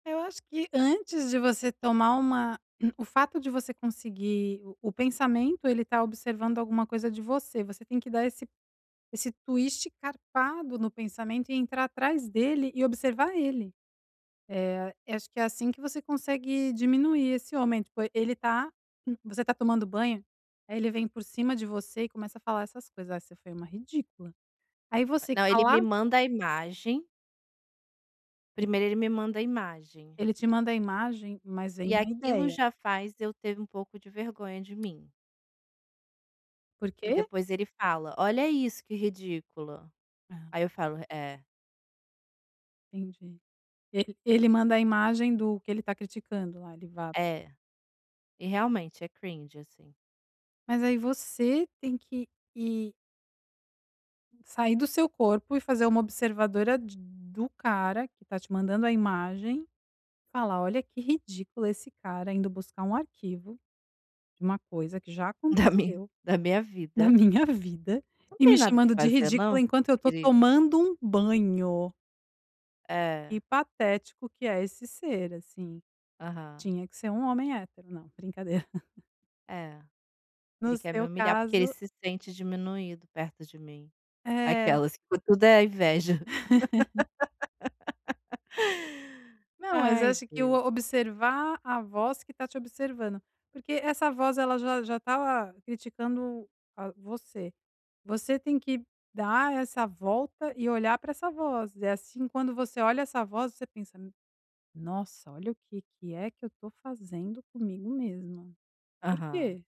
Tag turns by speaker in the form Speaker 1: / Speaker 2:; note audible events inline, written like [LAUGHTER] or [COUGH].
Speaker 1: Eu acho que antes de você tomar uma [CLEARS THROAT] o fato de você conseguir, o o pensamento, ele tá observando alguma coisa de você, você tem que dar esse esse twist carpado no pensamento, e entrar atrás dele, e observar ele. Eh, acho que é assim que você consegue diminuir esse homem, tipo, ele tá você tá tomando banho, aí ele vem por cima de você e começa a falar essas coisas, "Ai, você foi uma ridícula", aí você que
Speaker 2: Não, ele me
Speaker 1: cala
Speaker 2: manda a imagem
Speaker 1: [UNINTELLIGIBLE]
Speaker 2: primeiro ele me manda a imagem.
Speaker 1: Ele te manda a imagem, mas vem
Speaker 2: E
Speaker 1: a
Speaker 2: aquilo
Speaker 1: ideia.
Speaker 2: já faz eu ter um pouco de vergonha de mim.
Speaker 1: Por
Speaker 2: E
Speaker 1: quê?
Speaker 2: depois ele fala: "Olha isso, que ridícula".
Speaker 1: Ah.
Speaker 2: Aí eu falo: "É".
Speaker 1: Entendi. E ele manda a imagem do que ele tá criticando lá, ele va
Speaker 2: É, e realmente, é cringe, assim.
Speaker 1: Mas aí você tem que ir Sair do seu corpo e fazer uma observadora de do cara, que tá te mandando a imagem, falar: "Olha que ridículo esse cara, indo buscar um arquivo, de uma coisa que já
Speaker 2: Da min
Speaker 1: aconteceu
Speaker 2: da minha
Speaker 1: na
Speaker 2: vida.
Speaker 1: minha vida,
Speaker 2: "Não
Speaker 1: e
Speaker 2: tem
Speaker 1: me
Speaker 2: nada que
Speaker 1: chamando de
Speaker 2: fazer
Speaker 1: ridícula
Speaker 2: não,
Speaker 1: enquanto eu tô
Speaker 2: querido".
Speaker 1: tomando um banho". Que
Speaker 2: É.
Speaker 1: patético que é esse ser, assim,
Speaker 2: Aham.
Speaker 1: tinha que ser um homem hétero. Não, brincadeira. [LAUGHS]
Speaker 2: É,
Speaker 1: No
Speaker 2: ele quer me
Speaker 1: seu
Speaker 2: humilhar, porque ele
Speaker 1: caso
Speaker 2: se sente diminuído perto de mim.
Speaker 1: É.
Speaker 2: Aquelas, que tudo é a inveja.
Speaker 1: [LAUGHS]
Speaker 2: [LAUGHS]
Speaker 1: Não, mas eu
Speaker 2: Ai
Speaker 1: acho que o
Speaker 2: Deus.
Speaker 1: observar a voz que tá te observando, porque essa voz ela já já tá lá criticando, ah, você. Você tem que dar essa volta e olhar para essa voz, é assim, quando você olha essa voz você pensa: "N nossa, olha o que que é que eu tô fazendo comigo mesma. Por
Speaker 2: Aham.
Speaker 1: quê?"